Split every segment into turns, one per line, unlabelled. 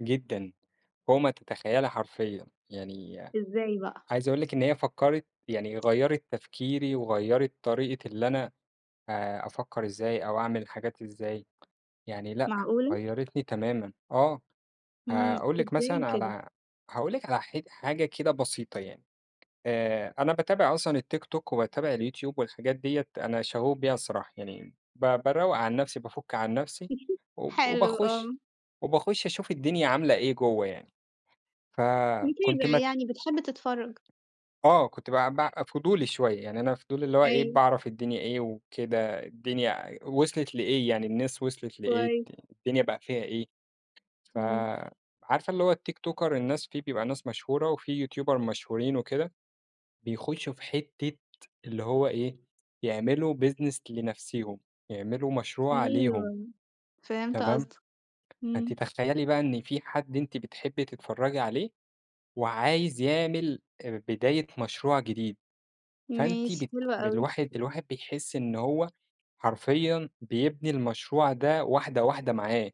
جدًا، فوق ما تتخيّلي حرفيًا، يعني
إزاي بقى؟
عايز أقول لِك إن هي فكّرِت يعني غيّرِت تفكيري وغيّرِت طريقة اللي أنا آآ، أفكّر إزاي أو أعمل الحاجات إزاي، يعني لأ،
معقولة!
غيّرِتني تمامًا آه،
امم،
هاقول لِك
إزاي
مثلًا
كده؟
على هاقول لِك على ح حاجة كده بسيطة يعني، آآ، أنا باتابع أصلًا التيك توك وباتابع اليوتيوب والحاجات ديّة أنا شغوف بيها الصراحة يعني، ب باروق عن نفسي بافُك عن نفسي، وب
حلو آه.
وباخش وباخش أشوف الدنيا عاملة إيه جوّه يعني، ف كُنت
متابع
مت
يعني بتحب تتفرج.
آه، كُنت بقى ب فضولي شوية يعني أنا فضولي اللي هو إيه
أيوه.
باعرف الدنيا إيه وكده الدنيا ع وصلت لإيه يعني الناس وصلت لإيه،
كويس.
الدنيا بقى فيها إيه، ف
امم.
عارفة اللي هو التيكتوكر الناس في بيبقى ناس مشهورة وفي يوتيوبر مشهورين وكده، بيخشوا في حتة، اللي هو إيه، يعملوا business لنفسيهم، يعملوا مشروع ليهم.
أيوه، فهمت
تمام،
قصدك،
فأنتِ
امم.
تخيّلي بقى إن في حد أنتِ بتحبي تتفرجي عليه، وعايز يعمل بداية مشروع جديد، فأنتِ
ماشي
بت
حلو أوي.
بالواحد الواحد بيحس إن هو حرفيًا بيبني المشروع ده واحدة واحدة معاه،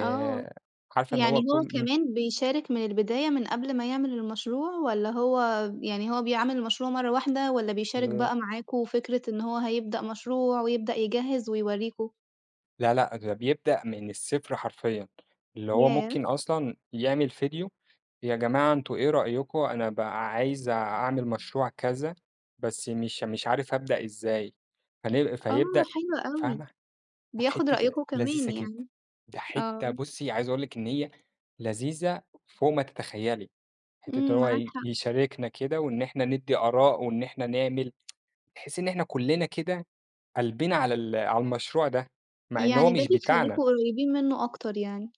آه،
عارفة إن
يعني
هو
هو
كل امم.
كمان بيشارك من البداية من قبل ما يعمل المشروع والّا هو يعني هو بيعمل المشروع مرّة واحدة، والّا بيشارك
آآ
بقى معاكوا وفكرة إن هو هيبدأ مشروع ويبدأ يجهز ويوريكم؟
لأ، لأ، ده بيبدأ من الصفر حرفيًا، اللي هو
ياه!
ممكن أصلًا يعمل ڤيديو، يا جماعة أنتم إيه رأيكم أنا بقى عايز أعمل مشروع كذا، بس مش مش عارف أبدأ إزاي، فنل
آه
فيبدأ
حلو أوي،
فاهمة، أ
بياخد
حتّة
رأيكم
لذيذة
كمان
كده،
يعني،
ده
آه.
حتّة بُصي عايز أقول لِك إن هي لذيذة فوق ما تتخيّلي، حتّة إن
امم، معاك
هو
حق.
يشاركنا كده وإن إحنا ندّي آراء وإن إحنا نعمل، بحيث إن إحنا كلنا كده، قلبنا على ال على المشروع ده، مع إن هو
يعني ده
مش بتاعنا.
بيخليكم قريبين منه أكتر يعني.